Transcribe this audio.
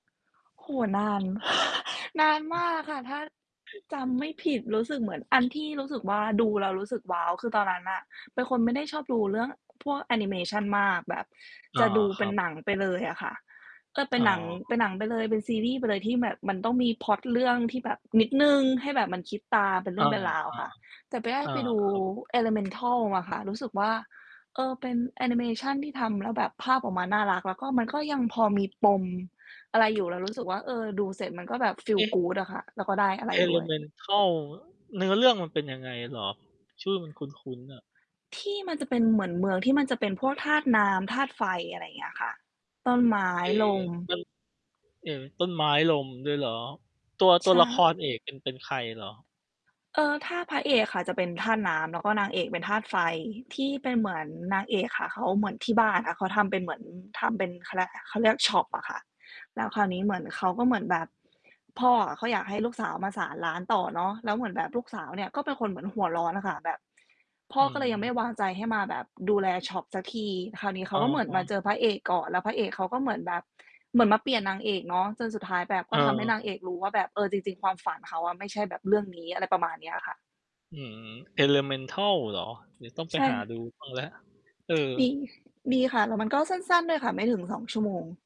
โอ้โฮ นาน นานมากค่ะ ถ้า [unintelligible] จำไม่ผิดรู้สึกเหมือน อันที่ รู้สึกว่า ดูแล้วรู้สึก ว้าว คือตอนนั้นน่ะเป็นคนไม่ได้ชอบดูเรื่องพวกแอนิเมชันมาก แบบอจา ะดูเคป็รันบ หนัง ไปเลยอะค่ะ ก็เป็อ๋นหนัง เอ ป็นหนังไปเลย เป็นซีรีส์ไปเลยที่แบบมันต้องมีพล็อตเรื่องที่แบบนิดหนึ่ง ให้แบบมันคิดตามเป็นเรอืา ่องเป็นราวค่ะ แต่ ไปได้ๆ อา ไปดู ครับ Elemental อะค่ะ รู้สึกว่า เอ่อ เป็นแอนิเมชันที่ทำแล้วแบบภาพออกมาน่ารักแล้ว ก็มันก็ยังพอมีปม อะไร อยู่แล้วรู้สึกว่า เอ่อ ดูเสร็จมันก็แบบ อFeel ืม good อะค่ะ แล้วก็ได้อะไรด้วย Elemental เนื้อเรื่องมันเป็นยังไงเหรอ? ชื่อมันคุ้น ๆ น่ะ ที่มันจะเป็นเหมือนเมืองที่มันจะเป็นพวกธาตุน้ำ ธาตุไฟ อะไรอย่างเงี้ยค่ะ ต้นไม้ เอ๊ ลม มัน เอ๊ ต้นไม้ลมด้วยเหรอ ตัว ใตชัวละค่ รเอกเป็น เป็นใครเหรอ? เออ ท่าพระเอกค่ะ จะเป็นธาตุน้ำ แล้วก็นางเอกเป็นธาตุไฟ ที่เป็นเหมือนนางเอกค่ะ เขาเหมือนที่บ้านอะ เขาทำเป็นเหมือนทำเป็น เขาเรียกไร เขาเรียกช็อป อะค่ะ แล้วคราวนี้เหมือนเขาก็เหมือนแบบ พ่อเขาอะอยากให้ลูกสาวมาสานร้านต่อเนาะ แล้วเหมือนแบบลูกสาวเนี่ย ก็เป็นคนเหมือนหัวร้อนอะค่ะแบบ พ่ออืก็เลยยังไม่วม างใจให้มาแบบดูแลช็อปสักที คราวนี้เขอา ะก็เหมือนฮมาะ เจอพระเอกก่อน แล้วพระเอกเขาก็เหมือนแบบ เหมือนมาเปลี่ยนนางเอกเนาะ จนสุดท้ายแบบกเ็ทำให้นางเอออ กรู้ว่าแบบ เออ จริง ๆ ความฝันเขาอะ ไม่ใช่แบบเรื่องนี้ อะไรประมาณนี้ค่ะ อืม Elemental เหรอ? เดี๋ยวต้องไใปชหา่ ดูบ้างแล้ว เออ ดี ดีค่ะ แล้วมันก็สั้น ๆ ด้วยค่ะ ไม่ถึง 2 ชั่วโมง